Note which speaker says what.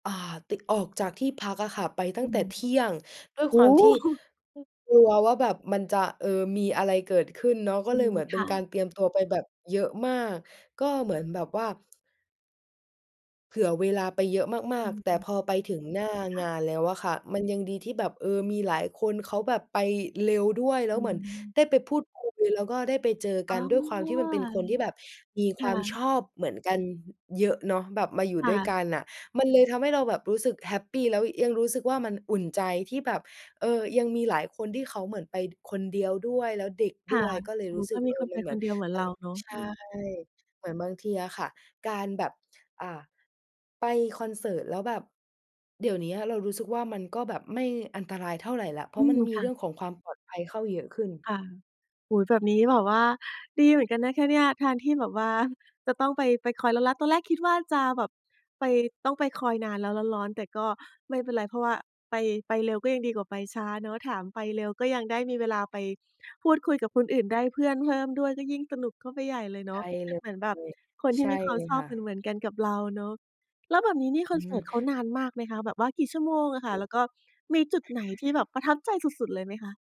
Speaker 1: อ่า ตึก ออกจากที่พักอะค่ะไปตั
Speaker 2: อ
Speaker 1: ้
Speaker 2: ื
Speaker 1: งแต่
Speaker 2: ม
Speaker 1: เที่ยง ด้วย
Speaker 2: โอ
Speaker 1: ค
Speaker 2: ้
Speaker 1: วามที่
Speaker 2: โฮ!
Speaker 1: กลัวว่าแบบมันจะ เออ มีอะไรเกิดขึ้นเนาะ ก็
Speaker 2: อื
Speaker 1: เลย
Speaker 2: ม
Speaker 1: เหมือน
Speaker 2: ค
Speaker 1: เป็น
Speaker 2: ่
Speaker 1: การ
Speaker 2: ะ
Speaker 1: เตรียมตัวไปแบบเยอะมาก ก็เหมือนแบบว่า เผื่อเวลาไปเยอะม
Speaker 2: อ
Speaker 1: าก ๆ แต่
Speaker 2: ือ
Speaker 1: พอไปถึงหน้า
Speaker 2: ค
Speaker 1: ง
Speaker 2: ่ะ
Speaker 1: านแล้วอะค่ะ มันยังดีที่แบบ เออ มีหลายคนเขาแบบไปเร็วด้วย แล้
Speaker 2: อ
Speaker 1: ว
Speaker 2: ื
Speaker 1: เหมือน
Speaker 2: ม
Speaker 1: ได้ไปพูดคุยแล้วก็ได้ไปเจอก
Speaker 2: อ๋อ
Speaker 1: ัน ด้วยความที่มันเป็นคนที่แบบมี
Speaker 2: ค
Speaker 1: คว
Speaker 2: ่
Speaker 1: ามช
Speaker 2: ะ
Speaker 1: อบเหมือนกัน ห เยอะเนาะ แบบมาอยู่
Speaker 2: ค่
Speaker 1: ด้วยก
Speaker 2: ะ
Speaker 1: ันน่ะ มันเลยทำให้เราแบบรู้สึกแฮปปี แล้วยังรู้สึกว่า มันอุ่นใจที่แบบ เออ ยังมีหลายคนที่เขาเหมือนไปคนเดียวด้วย แล้วเด็ก
Speaker 2: ค
Speaker 1: ด
Speaker 2: ่ะ
Speaker 1: ้วย ก็เลย
Speaker 2: โอ้
Speaker 1: ร
Speaker 2: โฮ
Speaker 1: ู้สึ
Speaker 2: ก็
Speaker 1: ก
Speaker 2: ม
Speaker 1: เอ
Speaker 2: ี
Speaker 1: อ
Speaker 2: คน
Speaker 1: ม
Speaker 2: ไ
Speaker 1: ั
Speaker 2: ป
Speaker 1: นเหม
Speaker 2: ค
Speaker 1: ือน
Speaker 2: นเดียวเหมือ
Speaker 1: เ
Speaker 2: น
Speaker 1: ออ
Speaker 2: เราเนาะ
Speaker 1: ใช
Speaker 2: อื
Speaker 1: ่
Speaker 2: อ
Speaker 1: เหมือนบางทีอะค่ะ การแบบ อ่า ไปคอนเสิร์ตแล้วแบบ เดี๋ยวเนี้ยเรารู้สึกว่ามันก็แบบไม่อันตรายเท่าไรแล้ว เพรา
Speaker 2: อื
Speaker 1: ะมัน
Speaker 2: ม
Speaker 1: มี
Speaker 2: ค
Speaker 1: เ
Speaker 2: ่
Speaker 1: รื่
Speaker 2: ะ
Speaker 1: องของความปลอดภัยเข้าเยอะขึ้น
Speaker 2: ค่ะ โอ้โฮ แบบนี้แบบว่าดีเหมือนกันนะคะเนี่ย แทนที่แบบว่าจะต้องไป ไปคอยร้อน ๆ ตอนแรกคิดว่าจะแบบไป ต้องไปคอยนานแล้วร้อน ๆ แต่ก็ไม่เป็นไร เพราะว่าไป ไปเร็วก็ยังดีกว่าไปช้าเนาะ ถามไปเร็วก็ยังได้มีเวลาไปพูดคุยกับคนอื่น ได้เพื่อนเพิ่มด้วยก็ยิ่งสนุกเข้าไปใหญ่เลยเ
Speaker 1: ใ
Speaker 2: น
Speaker 1: ช
Speaker 2: าะ
Speaker 1: ่เล
Speaker 2: เหมือนแบบ
Speaker 1: ย
Speaker 2: คนท
Speaker 1: ใ
Speaker 2: ี
Speaker 1: ช
Speaker 2: ่
Speaker 1: ่
Speaker 2: มีควา
Speaker 1: เล
Speaker 2: ม
Speaker 1: ย
Speaker 2: ชอ
Speaker 1: ค
Speaker 2: บ
Speaker 1: ่
Speaker 2: เห
Speaker 1: ะ
Speaker 2: มือน ๆ กันกับเราเนาะ แล้วแบบนี้นี่ค
Speaker 1: อื
Speaker 2: อนเสิร์ต
Speaker 1: ม
Speaker 2: เขานานมากไหมคะ? แบบว่ากี่ชั่วโมงอะค่ะ แล้วก็มีจุดไหนที่แบบประทับใจสุด ๆ เลยไหมคะ?